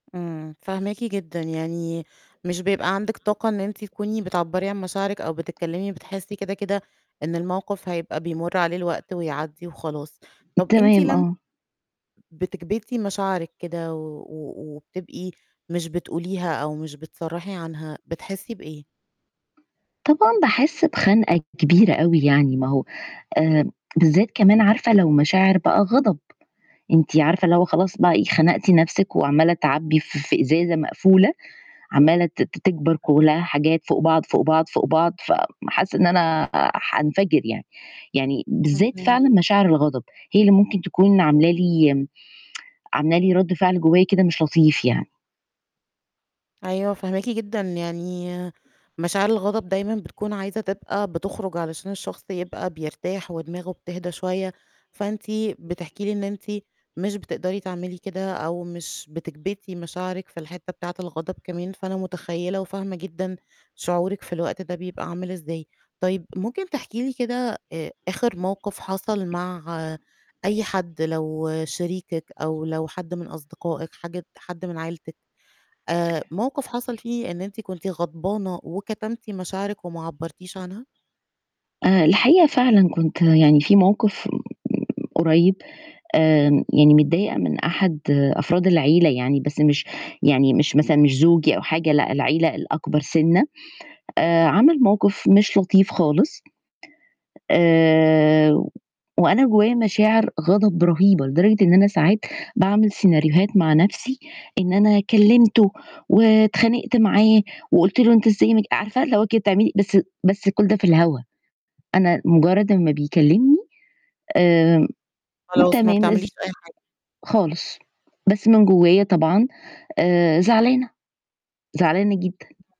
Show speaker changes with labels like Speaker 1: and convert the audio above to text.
Speaker 1: إمم، فاهماكِ جدًا، يعني مش بيبقى عندِك طاقة إن أنتِ تكوني بتعبّري عن مشاعرِك أو بتتكلّمي، بتحسّي كده كده إن الموقِف هيبقى بيمُرّ عليه الوقت ويعدّي وخلاص. طَب أنتِ
Speaker 2: تمام،
Speaker 1: لم
Speaker 2: آه.
Speaker 1: بتكبِتي مشاعرِك كده و و وبتبقي مش بتقوليها أو مش بتصرّحي عنها، بتحسّي بإيه؟
Speaker 2: طبعًا، باحس بخَنقة كبيرة أوي يعني ما هو آآ، بالذّات كمان عارفة لو مشاعر بقى غَضَب، أنتِ عارفة اللي هو خلاص بقى إيه خنقتِ نَفْسِك وعمّالة تعبّي ف في إزازة مقفولة، عمّالة ت ت تكبر كلّها حاجات فوق بعض، فوق بعض، فوق بعض، فم حاسّة إن أنا آآ، حانفجر يعني، يعني بالذّات
Speaker 1: اهم.
Speaker 2: فعلًا مشاعر الغضب هي اللي ممكن تكون عاملة لي عاملة لي رَدّ فعل جوّايا كده مش لطيف يعني.
Speaker 1: أيوه، فاهماكِ جدًا يعني مشاعر الغضب دايمًا بتكون عايزة تبقى بتخرُج علشان الشخص يبقى بيرتاح ودماغه بتهدى شوية، فأنتِ بتحكي لي إن أنتِ مش بتقدري تعملي كده، أو مش بتكبِتي مشاعرِك في الحتّة بتاعة الغضب كمان، فأنا متخيّلة وفاهمة جدًا شعورِك في الوقت ده بيبقى عامل إزاي. طيب ممكن تحكي لي كده آآ، آخِر موقِف حَصَل مع أي حد لو شريكِك أو لو حد من أصدقائِك، حاجة حد من عيلتِك، آآ، موقِف حَصَل فيه إن أنتِ كنتِ غضبانة، وكتمتِ مشاعرِك وما عبّرتيش عنها؟
Speaker 2: أنا الحقيقة فعلًا كنت يعني في موقِف م م قريّب آمم، يعني متضايقة من أحد أفراد العيلة يعني، بس مش يعني مش مثلًا مش زوجي أو حاجة لأ، العيلة الأكبر سِنّة آآ، عَمَل موقِف مش لطيف خالص آآ، وأنا جوّايا مشاعر غَضَب رهيبة، لدرجة إن أنا ساعات باعمل سيناريوهات مع نَفْسي، إن أنا كلّمته واتخانقت معاه وقُلت له أنت إزاي ما ج عارفة اللي هو كده بتعملي بس بس كُلّ ده في الهوا، أنا مُجرّد أمّا بيكلّمني، آمم،
Speaker 1: خلاص، ما
Speaker 2: تمام
Speaker 1: بتعمليش
Speaker 2: إز
Speaker 1: أي حاجة.
Speaker 2: خالص، بس من جوّايا طبعًا آآ، زعلانة، زعلانة جدًا.